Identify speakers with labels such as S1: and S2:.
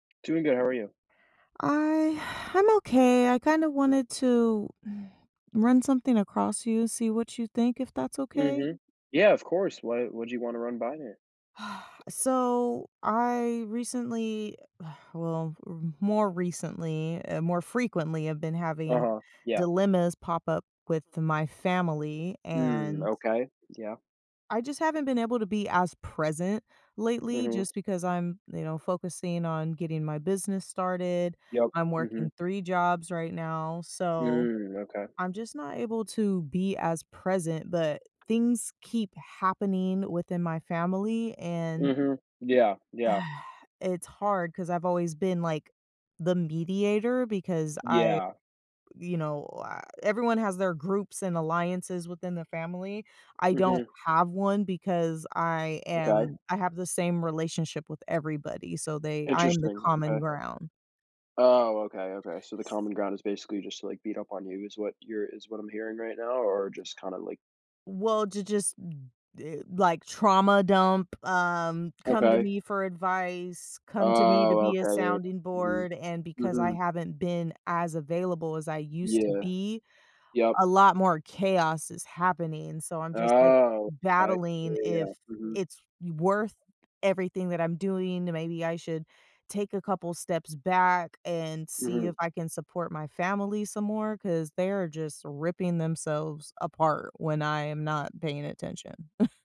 S1: Doing good, how are you?
S2: I I'm okay, I kinda wanted to run something across you, see what you think if that's okay?
S1: Mhm. Yeah, of course. What what'd you wanna run by there?
S2: Uh, so I recently Well, r more recently, eh more frequently I've been having
S1: Uh-huh. Yeah.
S2: dilemmas pop up with my family,
S1: Mm,
S2: and
S1: okay. Yeah.
S2: I just haven't been able to be as present lately,
S1: Mhm.
S2: just because I'm, you know, focusing on getting my business started,
S1: Yep,
S2: I'm
S1: mhm.
S2: working 3 jobs right now, so,
S1: Mm, okay.
S2: I'm just not able to be as present, but things keep happening within my family, and
S1: Mhm. Yeah, yeah.
S2: it's hard, 'cause I've always been, like, the mediator, because I
S1: Yeah.
S2: you know, everyone has their groups and alliances within the family, I don't
S1: Mhm.
S2: have one because I
S1: Okay.
S2: am I have the same relationship with everybody, so they I'm the
S1: Interesting,
S2: common
S1: okay.
S2: ground.
S1: Oh, okay, okay. So, the
S2: Ss
S1: common ground is basically just to, like, beat up on you is what you're is what I'm hearing right now, or just kinda like
S2: Well, to just The, like, trauma dump, um, come to
S1: Okay.
S2: me for advice, come to me to
S1: Oh,
S2: be a
S1: okay, it
S2: sounding
S1: Mm.
S2: board, and because I
S1: Mhm.
S2: haven't been as available as I used to
S1: Yeah.
S2: be,
S1: Yep.
S2: a lot more chaos is happening, so I'm just, like,
S1: Oh, okay. Yeah,
S2: battling
S1: yeah,
S2: if
S1: yeah. Mhm.
S2: it's w worth everything that I'm doing, then maybe I should take a couple steps back and see
S1: Mhm.
S2: if I can support my family some more, 'cause they are just ripping themselves apart when I am not paying attention.